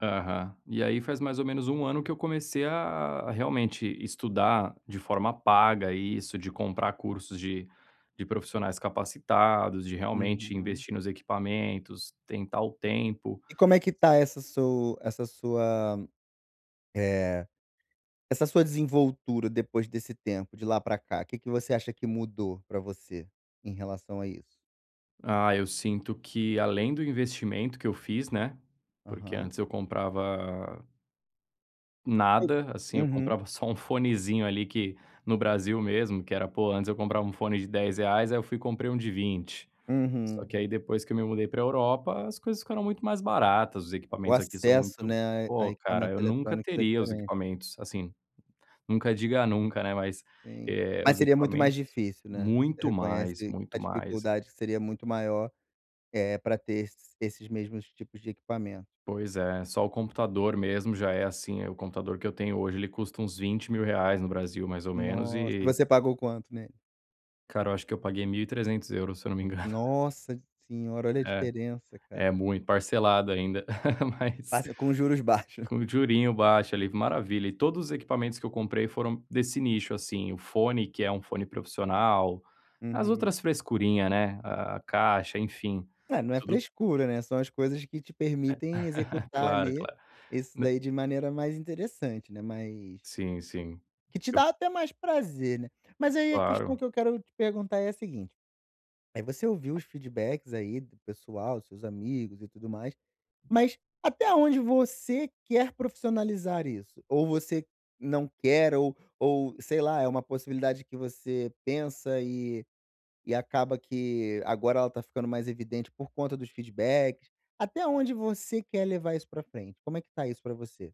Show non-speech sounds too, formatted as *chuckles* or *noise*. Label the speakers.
Speaker 1: Aham. E aí faz mais ou menos 1 ano que eu comecei a a realmente estudar de forma paga isso, de comprar cursos de de profissionais capacitados, de realmente
Speaker 2: Uhum.
Speaker 1: investir nos equipamentos, tentar o tempo.
Speaker 2: E como é que está essa su essa sua eh, essa sua desenvoltura depois desse tempo, de lá pra cá? O que que você acha que mudou pra você, em relação a isso?
Speaker 1: Ah, eu sinto que, além do investimento que eu fiz, né, porque
Speaker 2: Aham.
Speaker 1: antes eu comprava nada, assim. Eu
Speaker 2: Uhum.
Speaker 1: comprava só um fonezinho ali, que no Brasil mesmo, que era pô, antes eu comprava um fone de R$10, aí eu fui comprei um de R$20. Só que
Speaker 2: Uhum.
Speaker 1: aí depois que eu me mudei pra Europa, as coisas ficaram muito mais baratas, os
Speaker 2: O
Speaker 1: equipamentos aqui são
Speaker 2: acesso,
Speaker 1: muito
Speaker 2: né, a e a
Speaker 1: poxa cara,
Speaker 2: equipamentos
Speaker 1: eu nunca
Speaker 2: eletrônicos, é
Speaker 1: teria os
Speaker 2: diferente.
Speaker 1: equipamentos, assim nunca diga nunca, né, mas,
Speaker 2: Sim.
Speaker 1: eh,
Speaker 2: Mas
Speaker 1: os
Speaker 2: seria muito mais
Speaker 1: equipamentos
Speaker 2: difícil, né. Você
Speaker 1: muito
Speaker 2: reconhece
Speaker 1: mais,
Speaker 2: que
Speaker 1: muito
Speaker 2: a
Speaker 1: mais.
Speaker 2: dificuldade seria muito maior, eh, para ter esses esses mesmos tipos de equipamento.
Speaker 1: Pois é, só o computador mesmo já é, assim eh, o computador que eu tenho hoje, ele custa uns R$20.000 no Brasil, mais ou menos,
Speaker 2: Nossa
Speaker 1: e
Speaker 2: você pagou quanto nele?
Speaker 1: Cara, eu acho que eu paguei 1.300 €, se eu não me *chuckles* engano.
Speaker 2: Nossa senhora, olha a
Speaker 1: É.
Speaker 2: diferença,
Speaker 1: É
Speaker 2: cara.
Speaker 1: muito parcelado ainda, mas
Speaker 2: Passa com juros baixos.
Speaker 1: com um jurinho baixo ali, maravilha. E todos os equipamentos que eu comprei foram desse nicho, assim. O fone, que é um fone profissional. As
Speaker 2: Uhum.
Speaker 1: outras frescurinha, né, a caixa, enfim,
Speaker 2: É, não é
Speaker 1: tudo
Speaker 2: frescura, né, são as coisas que te permitem
Speaker 1: *laughs*
Speaker 2: executar,
Speaker 1: Claro,
Speaker 2: ali,
Speaker 1: claro.
Speaker 2: isso
Speaker 1: Nã
Speaker 2: daí de maneira mais interessante, né. Mas
Speaker 1: Sim, sim.
Speaker 2: que te
Speaker 1: Eu
Speaker 2: dá até mais prazer, né. Mas aí a questão
Speaker 1: Claro.
Speaker 2: que eu quero te perguntar é a seguinte, aí você ouviu os feedbacks aí do pessoal, seus amigos e tudo mais. Mas, até onde você quer profissionalizar isso? Ou você não quer, ou ou sei lá, é uma possibilidade que você pensa, e e acaba que agora ela tá ficando mais evidente, por conta dos feedbacks? Até onde você quer levar isso pra frente? Como é que tá isso pra você?